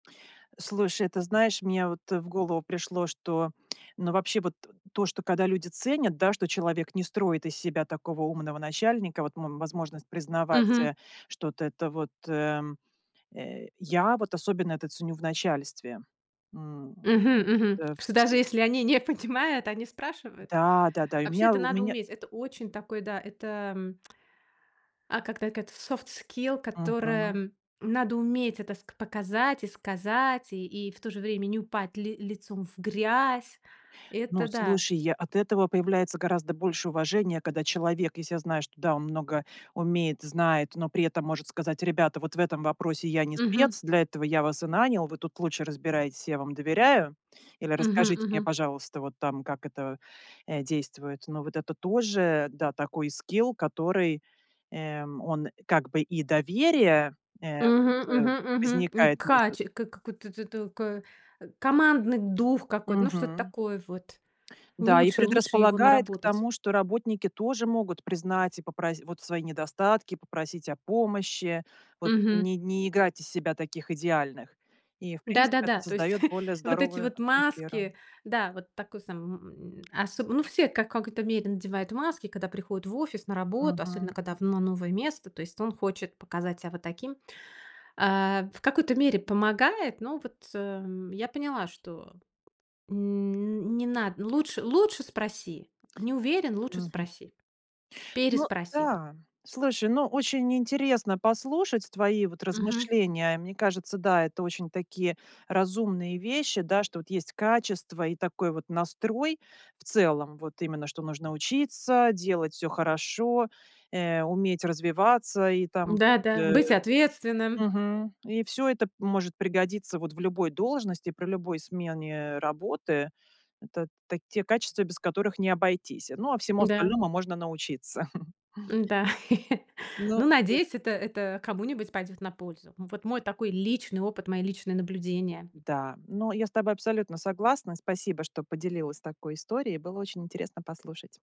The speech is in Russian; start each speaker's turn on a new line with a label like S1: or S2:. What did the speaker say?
S1: Слушай, ты знаешь, мне вот, э, в голову пришло, что, ну, вообще, вот то, что, когда люди ценят, да, что человек не строит из себя такого умного начальника, вот, м, возможность признавать,
S2: Мгм.
S1: э, что это вот, э, э, я вот особенно это ценю в начальстве, м,
S2: Мгм, мгм.
S1: да, в
S2: Что,
S1: с
S2: даже если они не понимают, они спрашивают.
S1: Да, да, да, и у
S2: Вообще,
S1: меня,
S2: это
S1: в у
S2: надо
S1: мен
S2: уметь. Это очень такой, да, это а когда эт софт скилл,
S1: Мгм.
S2: которое надо уметь, это ск показать и сказать, и и в то же время не упать ли лицом в грязь.
S1: Ну,
S2: Это да.
S1: слушай, я от этого появляется гораздо больше уважения, когда человек, если я знаю, что, да, он много умеет, знает, но при этом может сказать: "Ребята, вот в этом вопросе я не
S2: Мгм.
S1: спец, для этого я вас и нанял, вы тут лучше разбирайтесь, я вам доверяю". Или:
S2: Мгм,
S1: "Расскажите мне,
S2: мгм.
S1: пожалуйста, вот там как это, э, действует". Но вот это тоже, да, такой скилл, который, эм, он как бы и доверие, э,
S2: Мгм,
S1: вот, э,
S2: мгм, мгм. Ни
S1: возникает
S2: кач
S1: между
S2: к к какой т т кой командный дух какой-то, ну, что-то
S1: Мгм.
S2: такое вот,
S1: Да и
S2: лучше лучше его
S1: предрасполагает к
S2: наработать.
S1: тому, что работники тоже могут признать и попрос вот, свои недостатки, попросить о помощи, вот,
S2: Мгм.
S1: не не играть из себя таких идеальных. И, в принципе, это
S2: Да-да-да, то есть
S1: создаёт более
S2: вот эти
S1: здоровую
S2: вот
S1: атмосферу.
S2: маски, да, вот такой сам, э, м, осо ну, все в какой-то мере надевают маски, когда приходят в офис на работу, особенно
S1: Мгм.
S2: когда в но новое место, то есть он хочет показать себя вот таким. А, в какой-то мере помогает, но вот, э, я поняла, что н не на лучш лучше спроси. Не уверен, лучше
S1: Мгм.
S2: спроси.
S1: Ну
S2: Переспроси.
S1: да, слушай, но очень интересно послушать твои вот
S2: Мгм.
S1: размышления. Мне кажется, да, это очень такие разумные вещи, да, что вот есть качество и такой вот настрой в целом, вот. Именно, что нужно учиться, делать всё хорошо, э, уметь развиваться и там
S2: Да
S1: вот,
S2: да,
S1: э,
S2: быть ответственным.
S1: мгм, и всё это может пригодиться вот в любой должности, при любой смене работы. Это та те качества, без которых не обойтись. Ну, а всему
S2: Да.
S1: остальному можно научиться.
S2: Да,
S1: Ну,.
S2: ну,
S1: [unintelligible]
S2: надеюсь, это это кому-нибудь пойдёт на пользу. Вот мой такой личный опыт, мои личные наблюдения.
S1: Да, но я с тобой абсолютно согласна. Спасибо, что поделилась такой историей. Было очень интересно послушать.